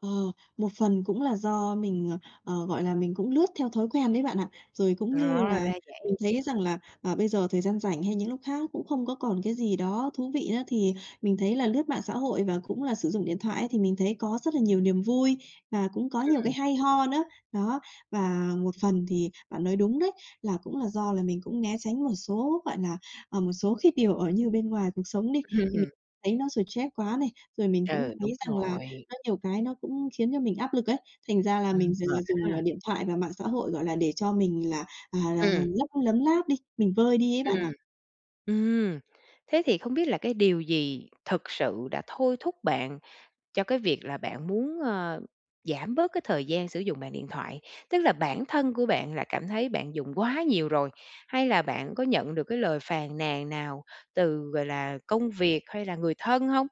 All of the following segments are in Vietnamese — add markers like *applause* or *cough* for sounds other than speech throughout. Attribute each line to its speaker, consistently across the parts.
Speaker 1: Ờ, một phần cũng là do mình, ờ, ờ, gọi là, mình cũng lướt theo thói quen đấy bạn ạ. Rồi cũng
Speaker 2: Ờ,
Speaker 1: như là
Speaker 2: ra vậy!
Speaker 1: mình thấy rằng là, ờ, bây giờ thời gian rảnh hay những lúc khác nó cũng không có còn cái gì đó thú vị nữa, thì mình thấy là lướt mạng xã hội và cũng là sử dụng điện thoại ấy, thì mình thấy có rất là nhiều niềm vui và cũng có nhiều
Speaker 2: Ừm.
Speaker 1: cái hay ho nữa. Đó, và một phần thì bạn nói đúng đấy, là cũng là do là mình cũng né tránh một số, gọi là, ờ, một số cái điều ở như bên ngoài cuộc sống đi, thì mình
Speaker 2: Ừm.
Speaker 1: thấy nó stress quá này, rồi mình cũng
Speaker 2: Ừ,
Speaker 1: thấy
Speaker 2: đúng
Speaker 1: rằng là
Speaker 2: rồi.
Speaker 1: nó nhiều cái nó cũng khiến cho mình áp lực ấy, thành ra là mình
Speaker 2: Ừm,
Speaker 1: d
Speaker 2: mệt
Speaker 1: dùng,
Speaker 2: ha.
Speaker 1: ờ, điện thoại và mạng xã hội, gọi là, để cho mình là, à, là
Speaker 2: Ừm.
Speaker 1: lấp lấm láp đi, mình vơi đi ấy bạn à.
Speaker 2: Ừm. Ừm, thế thì không biết là cái điều gì thực sự đã thôi thúc bạn, cho cái việc là bạn muốn, ờ, giảm bớt cái thời gian sử dụng mạng điện thoại? Tức là bản thân của bạn là cảm thấy bạn dùng quá nhiều rồi, hay là bạn có nhận được cái lời phàn nàn nào từ, gọi là, công việc hay là người thân hông?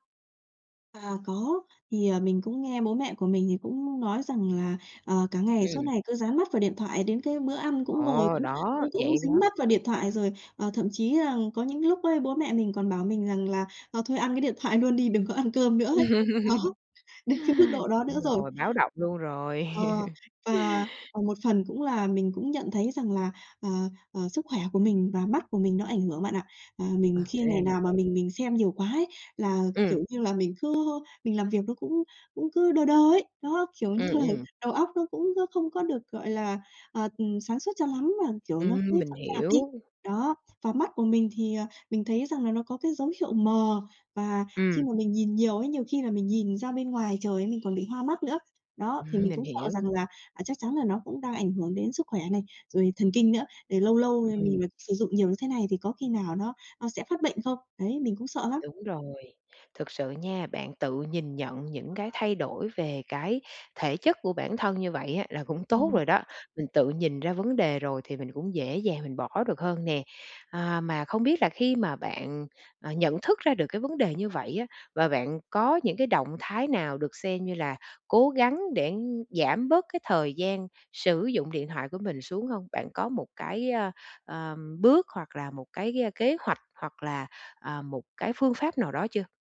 Speaker 1: À, có, thì, ờ, mình cũng nghe bố mẹ của mình thì cũng nói rằng là, ờ, "Cả ngày suốt
Speaker 2: Ừm.
Speaker 1: ngày cứ dán mắt vào điện thoại, đến cái bữa ăn cũng ngồi
Speaker 2: Ờ.
Speaker 1: cũng
Speaker 2: Đó,
Speaker 1: cũng cũng
Speaker 2: vậy
Speaker 1: dính
Speaker 2: đó.
Speaker 1: mắt vào điện thoại." Rồi, ờ, thậm chí rằng có những lúc ấy bố mẹ mình còn bảo mình rằng là "Ờ, thôi ăn cái điện thoại luôn đi, đừng có ăn cơm nữa" ấy. Đó, đến cái mức
Speaker 2: *laughs*
Speaker 1: độ đó
Speaker 2: Đúng
Speaker 1: nữa rồi.
Speaker 2: rồi, báo động luôn rồi.
Speaker 1: Ờ,
Speaker 2: *laughs*
Speaker 1: và và một phần cũng là mình cũng nhận thấy rằng là, ờ, ờ, sức khỏe của mình và mắt của mình nó ảnh hưởng bạn ạ. À,
Speaker 2: Ừm,
Speaker 1: mình khi
Speaker 2: ra
Speaker 1: ngày
Speaker 2: là
Speaker 1: nào mà
Speaker 2: vậy!
Speaker 1: mình mình xem nhiều quá ấy là,
Speaker 2: Ừm.
Speaker 1: kiểu như là, mình cứ, ơ, mình làm việc nó cũng cũng cứ đơ đơ ấy, đó, kiểu như
Speaker 2: Ừm,
Speaker 1: là
Speaker 2: ừm.
Speaker 1: đầu óc nó cũng, ơ, không có được, gọi là, ờ, ừm, sáng suốt cho lắm, mà, kiểu, nó cứ
Speaker 2: Ừm, mình
Speaker 1: chậm chạp đi.
Speaker 2: hiểu.
Speaker 1: Đó, và mắt của mình thì, ờ, mình thấy rằng là nó có cái dấu hiệu mờ, và khi
Speaker 2: Ừm.
Speaker 1: mà mình nhìn nhiều ấy, nhiều khi là mình nhìn ra bên ngoài trời ấy mình còn bị hoa mắt nữa. Đó, thì
Speaker 2: Ừm,
Speaker 1: mình
Speaker 2: mình
Speaker 1: cũng sợ
Speaker 2: hiểu.
Speaker 1: rằng là, à, chắc chắn là nó cũng đang ảnh hưởng đến sức khỏe này, rồi thần kinh nữa, rồi lâu lâu, ờ,
Speaker 2: Ừm.
Speaker 1: mình vẫn sử dụng nhiều như thế này thì có khi nào nó, ơ, sẽ phát bệnh không? Đấy, mình cũng sợ lắm.
Speaker 2: Đúng rồi, thực sự nha, bạn tự nhìn nhận những cái thay đổi về cái thể chất của bản thân như vậy á là cũng tốt
Speaker 1: Ừm.
Speaker 2: rồi đó. Mình tự nhìn ra vấn đề rồi thì mình cũng dễ dàng mình bỏ được hơn nè. À, mà không biết là khi mà bạn, ờ, nhận thức ra được cái vấn đề như vậy á, và bạn có những cái động thái nào được xem như là cố gắng để giảm bớt cái thời gian sử dụng điện thoại của mình xuống hông? Bạn có một cái, ơ, ờ, bước hoặc là một cái, ơ, kế hoạch hoặc là, à, một cái phương pháp nào đó chưa?